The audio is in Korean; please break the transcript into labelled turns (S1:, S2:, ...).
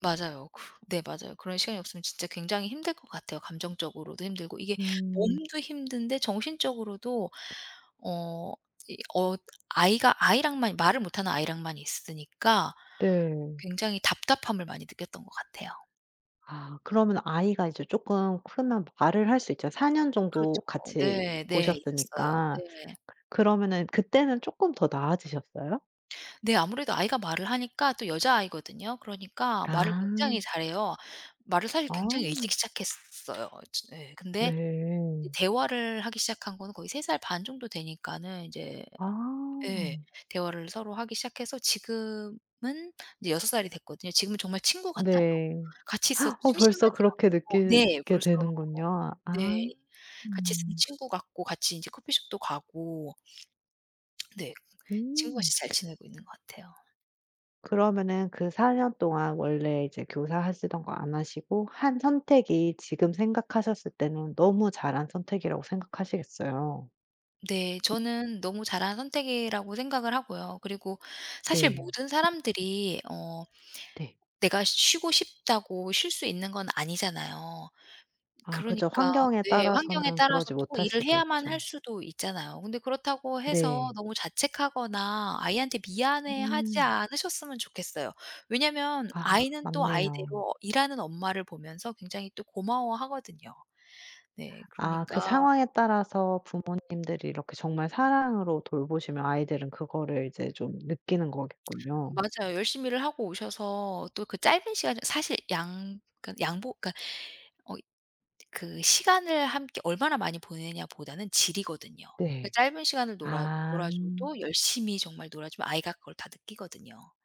S1: 맞아요. 그 네 맞아요. 그런 시간이 없으면 진짜 굉장히 힘들 것 같아요 감정적으로도 힘들고 이게
S2: 음.
S1: 몸도 힘든데 정신적으로도 어 이 어 아이가 아이랑만, 말을 못 하는 아이랑만 있으니까
S2: 네.
S1: 굉장히 답답함을 많이 느꼈던 것 같아요.
S2: 아 그러면 아이가 이제 쪼끔 크면 말을 할 수 있잖 4 년 정도
S1: 그렇죠.
S2: 같이
S1: 네네. 있었어요.
S2: 보셨으니까
S1: 네.
S2: 그러면은 그때는 쪼끔 더 나아지셨어요?
S1: 네. 아무래도 아이가 말을 하니까 또 여자아이거든요. 그러니까 말을
S2: 아.
S1: 굉장히 잘해요. 말을 사실
S2: 어.
S1: 굉장히 일찍 시작했어요. 즈 예. 근데 이제
S2: 네.
S1: 대화를 하기 시작한 거는 거의 3 살 반 정도 되니까는 이제 예
S2: 아.
S1: 대화를 서로 하기 시작해서 지금은 이제 6 살이 됐거든요. 지금은 정말 친구 같아요.
S2: 네.
S1: 같이 있어도
S2: 벌써
S1: 심심하진
S2: 그렇게
S1: 않고 네
S2: 느끼게
S1: 벌써
S2: 되는군요. 아.
S1: 네 같이 있으면
S2: 음.
S1: 친구 같고 같이 인제 커피숍도 가고. 네.
S2: 음.
S1: 친구같이 잘 지내고 있는 것 같아요.
S2: 그러면은 그 4 년 동안 원래 이제 교사 하시던 거 안 하시고 한 선택이 지금 생각하셨을 때는 너무 잘한 선택이라고 생각하시겠어요.
S1: 네. 저는 너무 잘한 선택이라고 생각을 하고요. 그리고 사실
S2: 네.
S1: 모든 사람들이 어
S2: 네.
S1: 내가 쉬고 싶다고 쉴 수 있는 건 아니잖아요.
S2: 아 그죠.
S1: 그러니까
S2: 환경에
S1: 네 환경에
S2: 따라서는
S1: 따라서
S2: 그러지
S1: 또 꼭
S2: 못할
S1: 일을
S2: 수도
S1: 해야만
S2: 있죠.
S1: 할 수도 있잖아요. 그런데 그렇다고 해서
S2: 네.
S1: 너무 자책하거나 아이한테 미안해하지
S2: 음.
S1: 않으셨으면 좋겠어요. 왜냐면
S2: 아
S1: 아이는 또
S2: 맞네요.
S1: 아이대로 일하는 엄마를 보면서 굉장히 또 고마워하거든요. 네
S2: 아
S1: 그러니까
S2: 그 상황에 따라서 부모님들이 이렇게 정말 사랑으로 돌보시면 아이들은 그거를 이제 좀 느끼는 거겠군요.
S1: 맞아요. 열심히 일을 하고 오셔서 또 그 짧은 시간에 사실 양 그러니까 양보 그러니까 어이 그 시간을 함께 얼마나 많이 보내냐보다는 질이거든요. 그
S2: 네.
S1: 짧은 시간을 놀아
S2: 아.
S1: 놀아 줘도 열심히 정말 놀아 주면 아이가 그걸 다 느끼거든요.